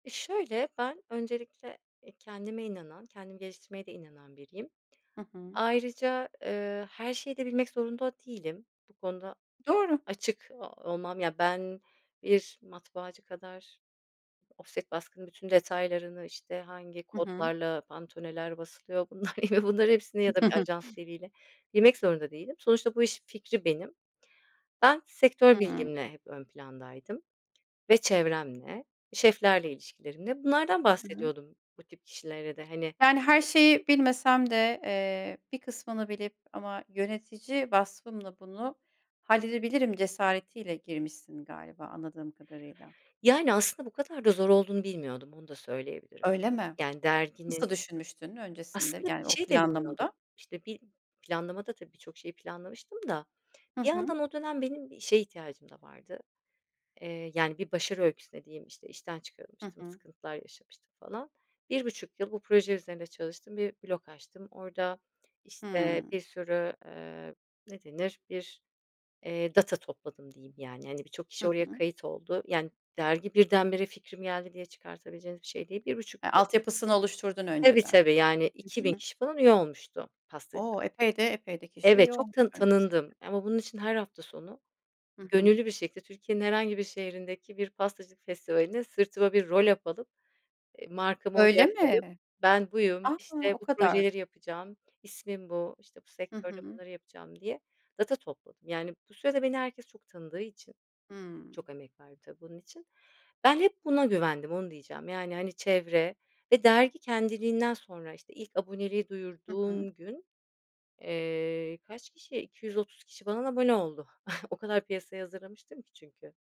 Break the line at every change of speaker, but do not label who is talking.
E, şöyle ben öncelikle, eee, kendime inanan, kendimi geliştirmeye de inanan biriyim.
Hı hı.
Ayrıca, ııı, her şeyi de bilmek zorunda değilim, bu konuda
Doğru.
açık o olmam, ya, ben bir matbaacı kadar ofset baskının bütün detaylarını, işte, hangi
Hı hı.
kodlarla pantone'ler basılıyor, bunlar ya da bunların hepsini ya da bir ajans diliyle bilmek zorunda değilim. Sonuçta bu işin fikri benim. Ben sektör
Hıı.
bilgimle hep ön plandaydım ve çevremle, şeflerle ilişkilerimde. Bunlardan
Hı hı.
bahsediyordum bu tip kişilere de, hani
Yani, her şeyi bilmesem de, eee, bir kısmını bilip ama yönetici vasfımla bunu halledebilirim cesaretiyle girmişsin galiba, anladığım kadarıyla.
Yani, aslında, bu kadar da zor olduğunu bilmiyordum, onu da söyleyebilirim.
Öyle mi?
Yani, derginin
Nasıl düşünmüştün öncesinde
aslında bir
yani o
şey de bilmiyordum.
planlamada?
İşte, bi planlamada, tabii, birçok şeyi planlamıştım da
Hı
bir
hı.
yandan o dönem benim işe ihtiyacım da vardı. Iıı, yani, bir başarı öyküsü dediğim, işte, işten
Hı
çıkarılmıştım,
hı.
sıkıntılar yaşamıştım falan. 1.5 yıl bu proje üzerinde çalıştım, bir blog açtım. Orada, işte,
Hımm.
bir sürü, ııı, ne denir, bir, eee, data topladım diyeyim, yani, hani, birçok
Hı
kişi oraya
hı.
kayıt oldu, yani, dergi birdenbire fikrim geldi diye çıkartabileceğiniz bir şey değil, 1.5
Ha, altyapısını oluşturdun
Tabii,
önceden.
tabii, yani,
Hı
2.000
hı.
kişi falan üye olmuştu, pastacı.
O! Epey de epey de kişi
Evet,
üye
çok tanın
olmuş öncesinde.
tanındım ama bunun için her hafta sonu
Hı hı.
gönüllü bir şekilde, Türkiye'nin herhangi bir şehrindeki bir pastacılık festivalinde sırtıma bir roll up alıp, eee, markamı,
Öyle
[unintelligible]
mi?
"Ben buyum,"
A!
işte,
O
"bu
kadar.
projeleri yapacağım. İsmim bu," işte, "bu
Hı
sektörde
hı.
bunları yapacağım," diye data topladım. Yani, bu sürede beni herkes çok tanıdığı için
Hımm.
-çok emek verdim, tabii, bunun için ben hep buna güvendim, onu diyeceğim. Yani, hani, çevre ve dergi kendiliğinden sonra, işte, ilk aboneliği
Hı hı.
duyurduğum gün, eee, kaç kişi, 230 kişi falan abone oldu. O kadar piyasaya hazırlamıştım ki çünkü.